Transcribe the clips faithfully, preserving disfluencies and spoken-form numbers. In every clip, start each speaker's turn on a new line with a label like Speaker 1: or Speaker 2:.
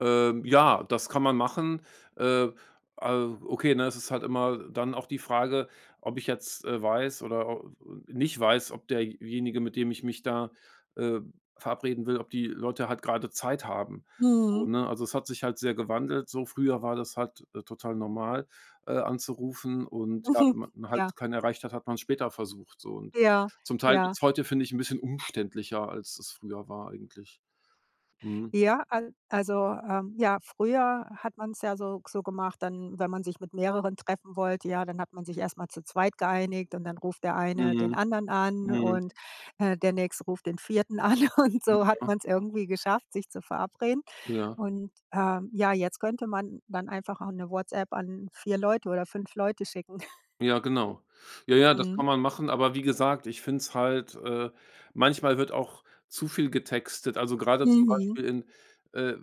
Speaker 1: Ähm, ja, das kann man machen. Äh, äh okay, ne, es ist halt immer dann auch die Frage, ob ich jetzt, äh, weiß oder, äh, nicht weiß, ob derjenige, mit dem ich mich da, äh, verabreden will ob die Leute halt grade Zeit haben. So,
Speaker 2: Mhm.
Speaker 1: ne? Also, es hat sich halt sehr gewandelt, so früher war das halt, äh, total normal, äh, anzurufen und ja,
Speaker 2: Mhm,
Speaker 1: wenn man
Speaker 2: ja.
Speaker 1: halt keinen erreicht hat, hat man's später versucht so und
Speaker 2: Ja,
Speaker 1: zum Teil
Speaker 2: ja.
Speaker 1: wird's heute, finde ich, 'n bisschen umständlicher, als das früher war eigentlich. Mhm.
Speaker 2: Ja, al also, ähm ja, früher hat man's ja so so gemacht dann, wenn man sich mit mehreren treffen wollte, ja, dann hat man sich erst mal zu zweit geeinigt und dann ruft der eine den
Speaker 1: Mhm,
Speaker 2: anderen an
Speaker 1: mhm.
Speaker 2: und, äh, der Nächste ruft den Vierten an. Und
Speaker 1: Mm,
Speaker 2: so hat
Speaker 1: ja.
Speaker 2: man's irgendwie geschafft, sich zu verabreden.
Speaker 1: Ja.
Speaker 2: Und, äh ja, jetzt könnte man dann einfach auch 'ne WhatsApp an vier Leute oder fünf Leute schicken.
Speaker 1: Ja genau. Ja, ja, das
Speaker 2: Mhm.
Speaker 1: kann man machen, aber wie gesagt, ich finde es halt, äh manchmal wird auch zu viel getextet, also, grade zum
Speaker 2: Mhm.
Speaker 1: Beispiel in, äh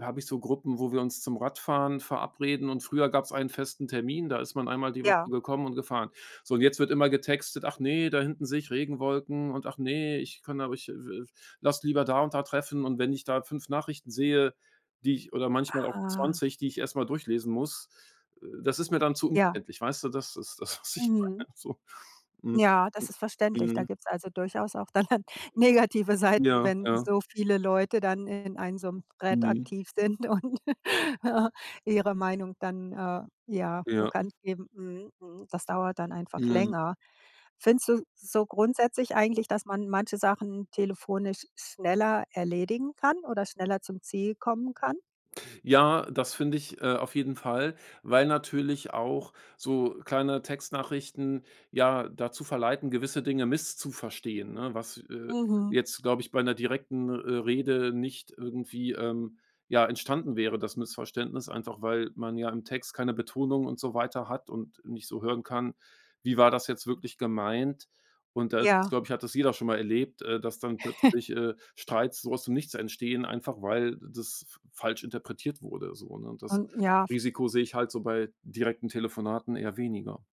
Speaker 1: habe ich so Gruppen, wo wir uns zum Radfahren verabreden und früher gab's einen festen Termin, da ist man einmal die Woche
Speaker 2: Ja.
Speaker 1: gekommen und gefahren. So, und jetzt wird immer getextet: „Ach ne, da hinten sehe ich Regenwolken und ach ne, ich kann aber ich lass lieber da und da treffen“ und wenn ich da fünf Nachrichten sehe, die ich oder manchmal auch
Speaker 2: Ah.
Speaker 1: zwanzig, die ich erst mal durchlesen muss, äh, das ist mir dann zu
Speaker 2: Ja.
Speaker 1: umständlich, weißt du? Das ist das, was ich
Speaker 2: Mhm.
Speaker 1: meine so. Mhm,
Speaker 2: Ja, das
Speaker 1: mhm.
Speaker 2: ist verständlich. Da
Speaker 1: Mhm.
Speaker 2: gibt's also durchaus auch dann dann negative Seiten,
Speaker 1: Ja,
Speaker 2: wenn
Speaker 1: ja.
Speaker 2: so viele Leute dann in einem so 'nem Thread
Speaker 1: Mhm.
Speaker 2: aktiv sind und ihre Meinung dann, äh, ja
Speaker 1: Ja.
Speaker 2: bekannt geben. Mhm, mhm, das dauert dann einfach
Speaker 1: Mhm.
Speaker 2: länger. Findest du so grundsätzlich eigentlich, dass man manche Sachen telefonisch schneller erledigen kann oder schneller zum Ziel kommen kann?
Speaker 1: Ja, das finde ich, äh, auf jeden Fall, weil natürlich auch so kleine Textnachrichten ja dazu verleiten, gewisse Dinge misszuverstehen, ne, was, äh,
Speaker 2: Mhm.
Speaker 1: jetzt, glaube ich, bei 'ner direkten, äh, Rede nicht irgendwie, ähm, ja entstanden wäre, das Missverständnis, einfach weil man ja im Text keine Betonung und so weiter hat und nicht so hören kann: Wie war das jetzt wirklich gemeint? Und da,
Speaker 2: Ja.
Speaker 1: glaube ich, hat das jeder schon mal erlebt, äh, dass dann plötzlich, äh, Streits so aus dem Nichts entstehen, einfach weil das f falsch interpretiert wurde so, ne? Und das
Speaker 2: Und, ja f
Speaker 1: Risiko sehe ich halt so bei direkten Telefonaten eher weniger.